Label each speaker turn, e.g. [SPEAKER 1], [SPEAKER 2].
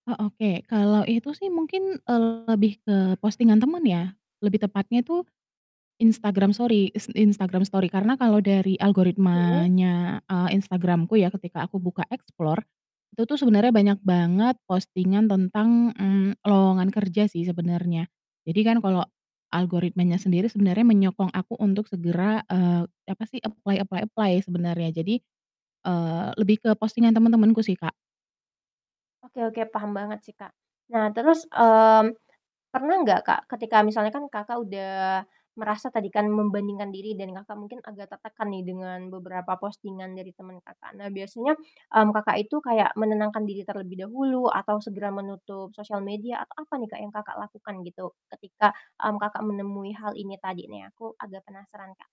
[SPEAKER 1] Oh oke, kalau itu sih mungkin, eee, lebih ke postingan teman ya, lebih tepatnya itu Instagram sori ins Instagram story karena kalau dari
[SPEAKER 2] Iya.
[SPEAKER 1] algoritmanya, eee, Instagram-ku ya ketika aku buka explore, itu tuh sebenernya banyak banget postingan tentang, mmm, lowongan kerja sih sebenernya. Jadi kan kalau algoritmanya sendiri sebenernya menyokong aku untuk segera, eee, apa sih apply apply apply sebenarnya. Jadi, eee, lebih ke postingan teman-temanku sih, Kak.
[SPEAKER 2] Oke oke, paham banget sih, Kak. Nah terus, mmm, pernah nggak Kak, ketika misalnya kan Kakak udah merasa tadi kan membandingkan diri dan Kakak mungkin agak tertekan nih dengan beberapa postingan dari teman Kakak. Nah biasanya, mmm, Kakak itu kayak menenangkan diri terlebih dahulu atau segera menutup sosial media atau apa nih, Kak, yang Kakak lakukan gitu ketika, mmm, Kakak menemui hal ini tadi nih? Aku agak penasaran, Kak.